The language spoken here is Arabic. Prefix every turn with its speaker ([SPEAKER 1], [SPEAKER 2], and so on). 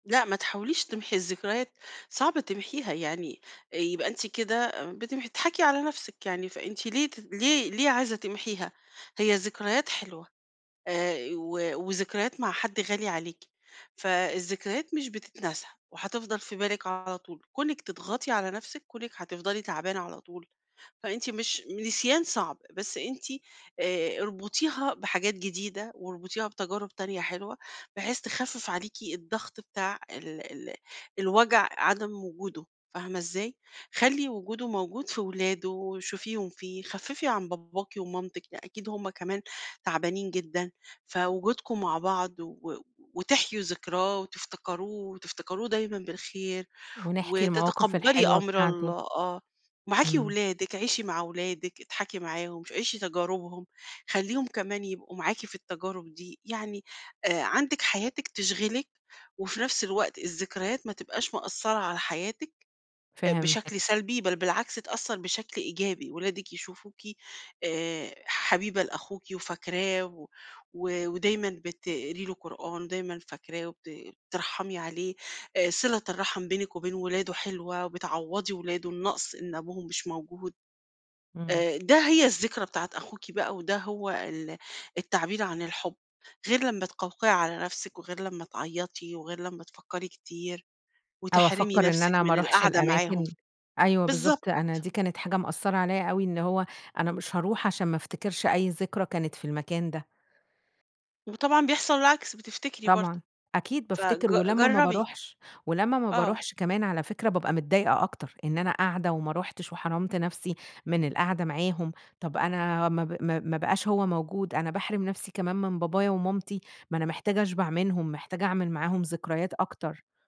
[SPEAKER 1] لأ ما تحاوليش تمحي الذكريات، صعب تمحيها يعني يبقى أنتِ كده بتمح تضحكي على نفْسِك يعني، فأنتِ ليه ت ليه ليه عايزة تمحيها؟ هي الذكريات حلوة آآ ي و وذكريات مع حد غالي عليكِ، فالذكريات مش بتتنسى وهتفضل في بالِك على طول، كونِك تضغطي على نفْسِك، كونِك هتفضلي تعبانة على طول، فأنتِ مش نسيان صعب، بس أنتِ آآ اربطيها بحاجات جديدة واربطيها بتجارب تانية حلوة، بحيث تخفّف عليكِ الضغط بتاع ال ال الوجع عدم وجوده، فاهمة إزاي؟ خلّي وجوده موجود في ولاده وشوفيهم فيه، خفّفي عن باباكِ ومامتِك، ي أكيد هُم كمان تعبانين جدًا، فوجودكم مع بعض و وتحيوا ذكراه وتفتكروه وتفتكروه دايمًا بالخير،
[SPEAKER 2] ونحكي المواقف
[SPEAKER 1] وتتقبّلي
[SPEAKER 2] الحلوة
[SPEAKER 1] أمر
[SPEAKER 2] بتاعته.
[SPEAKER 1] الله آه، معاكِ
[SPEAKER 2] إمم.
[SPEAKER 1] ولادِك، عيشي مع ولادِك اضحكي معاهم عيشي تجاربهم، خلّيهم كمان يبقوا معاكِ في التجارب دي، يعني آآ عندِك حياتِك تشغلِك، وفي نفْس الوقت الذكريات ما تبقاش مأثّرة على حياتِك آآ بشكل
[SPEAKER 2] فهمتِك.
[SPEAKER 1] سلبي، بل بالعكس تأثّر بشكل إيجابي ولادِك يشوفوكِ آآ حبيبة لأخوكِ وفاكراه، و ودايمًا بتقري له قرآن دايمًا فاكراه وبتترحمي عليه، صلة الرحم بينِك وبين ولاده حلوة، وبتعوضي ولاده النقص إن أبوهم مش موجود،
[SPEAKER 2] إمم.
[SPEAKER 1] آآ ده هي الذكرى بتاعة أخوكِ بقى وده هو ال التعبير عن الحب، غير لمّا تقوقعي على نفسِك وغير لمّا تعيّطي وغير لمّا تفكّري كتير،
[SPEAKER 2] أو
[SPEAKER 1] وتحرمي
[SPEAKER 2] أفكّر إن
[SPEAKER 1] نفسِك
[SPEAKER 2] أنا ما
[SPEAKER 1] من
[SPEAKER 2] أروحش
[SPEAKER 1] القعدة معاهم،
[SPEAKER 2] الأماكن، أيوه
[SPEAKER 1] بالضبط.
[SPEAKER 2] بالضبط، أنا دي كانت حاجة مأثّرة عليَّ أوي إن هو، أنا مش هاروح عشان ما أفتكرش أي ذكرى كانت في المكان ده.
[SPEAKER 1] وطبعًا بيحصل العكس بتفتكري برضو،
[SPEAKER 2] طبعًا، أكيد
[SPEAKER 1] فج
[SPEAKER 2] بافتكر ولمّا ما
[SPEAKER 1] جرّبي.
[SPEAKER 2] باروحش ولمّا ما
[SPEAKER 1] آه.
[SPEAKER 2] باروحش كمان على فكرة بابقى متضايقة أكتر، إن أنا قاعدة وما رُحتش وحرمت نفْسي من القاعدة معاهم، طب أنا ما ب ما ما بقاش هو موجود، أنا باحرم نفْسي كمان من بابايا ومامتي، ما أنا محتاجة أشبع منهم محتاجة أعمل معاهم ذكريات أكتر.